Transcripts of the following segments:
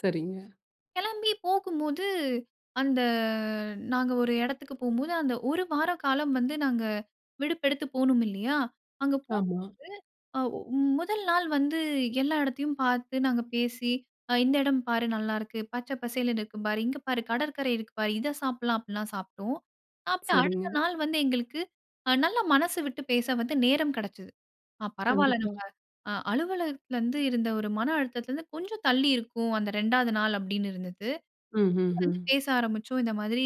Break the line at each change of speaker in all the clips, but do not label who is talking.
சரிங்க.
கிளம்பி போகும்போது அந்த நாங்க ஒரு இடத்துக்கு போம்போது, அந்த 1 வார காலம் வந்து நாங்க விடுப்பெடுத்து போணும் இல்லயா! அங்க போம்போது
ஆமா.
அவ் முதல் நாள் வந்து எல்லா இடத்தையும் பார்த்து நாங்க பேசி ஆ இந்த இடம் பாரு! நல்லா இருக்கு. பச்சை பசேல்ன்னு இருக்கு பாரு! இங்க பாரு! கடற்கரை இருக்கு பாரு. இத சாப்பிட்லாம் அப்பிடிலாம் சாப்பிட்டோம். அப்பறம் அடுத்த
சரிங்க.
நாள் வந்து எங்களுக்கு அ நல்ல மனசு விட்டு பேச வந்து நேரம் கிடச்சது. ஆ பரவால்ல
கண்டிப்பா.
நம்ப அ அலுவலகத்தில இருந்து இருந்த ஒரு மன அழுத்தத்தில இருந்து கொஞ்சம் தள்ளி இருக்கும். அந்த 2வது நாள் அப்பிடின்னு இருந்தது.
ம், ம்,
வந்து
ம்.
பேச ஆரம்பிச்சோம். இந்த மாதிரி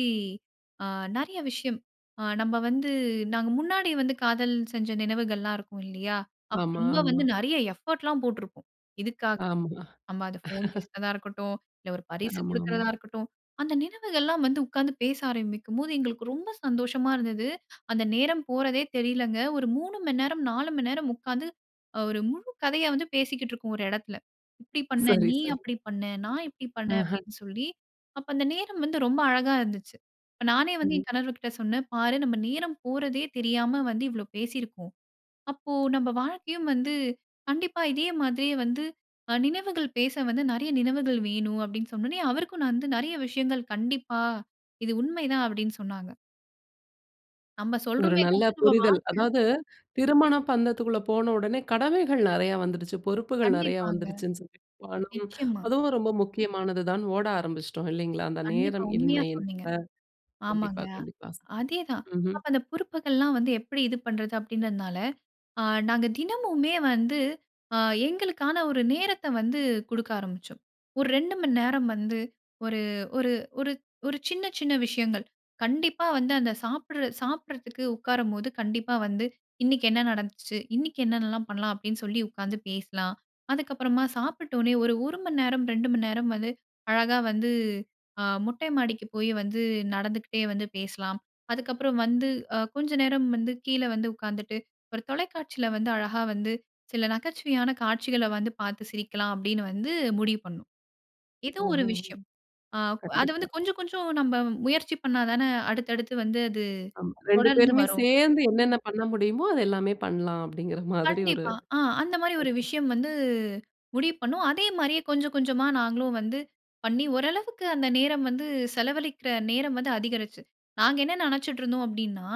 அ நிறைய விஷயம். ஆ நம்ம வந்து நாங்க முன்னாடி வந்து காதல் செஞ்ச நினைவுகள்லாம் இருக்கும் இல்லயா! அப்ப
ஆமா,
ரொம்ப
ஆமா.
வந்து நிறைய எஃபோர்ட் லாம் போட்டிருக்கோம். இதுக்காகவே!
ஆமா
நம்ம அத ஃபோன் பேசுறதா இருக்கட்டும், இல்ல ஒரு பரிசு
ஆமா, ஆமா.
கொடுக்கிறதா இருக்கட்டும். அந்த நினைவுகள் எல்லாம் வந்து உட்கார்ந்து பேச ஆரம்பிக்கும் போது, எங்களுக்கு ரொம்ப சந்தோஷமா இருந்தது. அந்த நேரம் போறதே தெரியலங்க. ஒரு 3:00 மணி நேரம், 4:00 மணி நேரம் உட்கார்ந்து அ ஒரு முழு கதைய வந்து பேசிக்கிட்டு இருக்கோம், ஒரு இடத்தில. இப்பிடி பண்ண
சரி,
நீ!
சரி.
அப்பிடி பண்ண நான், இப்பிடி பண்ண
அஹ.
அப்பிடின்னு சொல்லி அப்ப அந்த நேரம் வந்து ரொம்ப அழகா இருந்துச்சு. அப்ப நானே வந்து
ம்.
என் கணவர்கிட்ட சொன்னேன், "பாரு! நம்ம நேரம் போறதே தெரியா வந்து இவ்ளோ பேசியிருப்போம். அப்போ நம்ம வாழ்க்கையும் வந்து கண்டிப்பா இதே மாதிரியே வந்து அ நினைவுகள் பேச வந்து நிறைய நினைவுகள் வேணும்." அப்பிடின்னு சொன்னவுனே அவருக்கும் நான் வந்து நிறைய விஷயங்கள் "கண்டிப்பா. இது உண்மை தான்." அப்பிடின்னு சொன்னாங்க. நம்ம
ஒரு
சொல்றோமே
நல்ல புரிதல்.
[unintelligible]
அதாவது திருமண பந்தத்துக்குள்ள போன உடனே கடமைகள் நிறைய வந்துருச்சு. பொறுப்புகள் நிறைய
கண்டிப்பாங்க.
வந்துருச்சுன்னு சொல்லி [unintelligible]
நிச்சயமா.
அதுவும் ஒரு ரொம்ப முக்கியமானது தான்னு ஓட ஆரம்பிச்சிட்டோம் இல்லைங்களா! அந்த
கண்டிப்பா.
நேரம்
உண்மையா
இன்மையின்
சொன்னீங்க.
[unintelligible] கண்டிப்பா,
ஆமாங்க.
கண்டிப்பா.
அதே தான்.
ம்ஹ்ம்.
அப்ப அந்த பொறுப்புகள்லாம் வந்து எப்பிடி இது பண்றது அப்பிடின்றனால, ஆ நாங்க தினமுமே வந்து அ எங்களுக்கான ஒரு நேரத்த வந்து கொடுக்க ஆரம்பிச்சோம். ஒரு 2:00 மணி நேரம் வந்து ஒரு ஒரு ஒரு ஒரு சின்ன சின்ன விஷயங்கள். கண்டிப்பா வந்து அந்த சாப்பிடு சாப்பிட்றதுக்கு உட்காரும்போது கண்டிப்பா வந்து இன்னக்கி என்ன நடந்துச்சு. 'இன்னக்கி என்னன்னலாம் பண்லாம்." அப்பிடின்னு சொல்லி உட்காந்து பேசலாம். அதுக்கு அப்பறமா சாப்பிட்ட வுனே ஒரு, 1 மணி நேரம், 2:00 மணி நேரம் வந்து அழகாக வந்து ஆ மொட்டை மாடிக்கு போய் வந்து நடந்துக்கிட்டே வந்து பேசலாம். அதுக்கப்புறம் வந்து அ கொஞ்சம் நேரம் வந்து கீழே வந்து உட்காந்துட்டு ஒரு தொலைக்காட்சியில வந்து அழகா வந்து சில நகைச்சுவையான காட்சிகள வந்து பார்த்து சிரிக்கலாம். அப்பிடின்னு வந்து முடிவு பண்ணோம். ஏதோ ஒரு
ஓஹோ!
விஷயம். அ அது
கண்டிப்பா.
வந்து கொஞ்சம், கொஞ்சம் நாம் முயற்சி பண்ணா தானே அடுத்து, அடுத்து வந்து அது
ஆமா, 2
தொடர்ந்து
பேருமே
வரும்.
சேர்ந்து என்னென்ன பண்ண முடியுமோ! அது எல்லாமே பண்லாம் அப்பிடிங்கிறமாதிரி ஒரு
கண்டிப்பா. ஆ அந்தமாரி ஒரு
[unintelligible]
விஷயம் வந்து முடிவு பண்ணோம். அதேமாரியே கொஞ்சம், கொஞ்சமா நாங்களும் வந்து பண்ணி ஓரளவுக்கு அந்த நேரம் வந்து செலவழிக்கிற நேரம் வந்து அதிகரிச்சு. நாங்க என்ன நினைச்சிட்டு இருந்தோம் அப்பிடின்னா,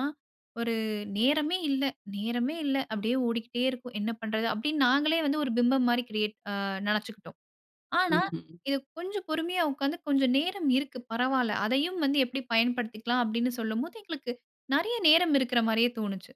ஒரு நேரமே இல்ல நேரமே இல்ல. அப்பிடியே ஓடிக்கிட்டே இருக்கும். என்ன பண்றது? அப்பிடின்னு நாங்களே வந்து ஒரு பிம்பம்மாரி கிரியேட் ஆ நினச்சுக்கிட்டோம். ஆனா,
ம், ம்.
இது கொஞ்சம் பொறுமையா உட்காந்து, "கொஞ்சம் நேரம் இருக்கு. பரவால்ல. அதையும் வந்து எப்பிடி பயன்படுத்திக்கலாம்." அப்பிடின்னு சொல்லும்போது எங்களுக்கு நிறைய நேரம் இருக்கிற மாரியே தோணுச்சு.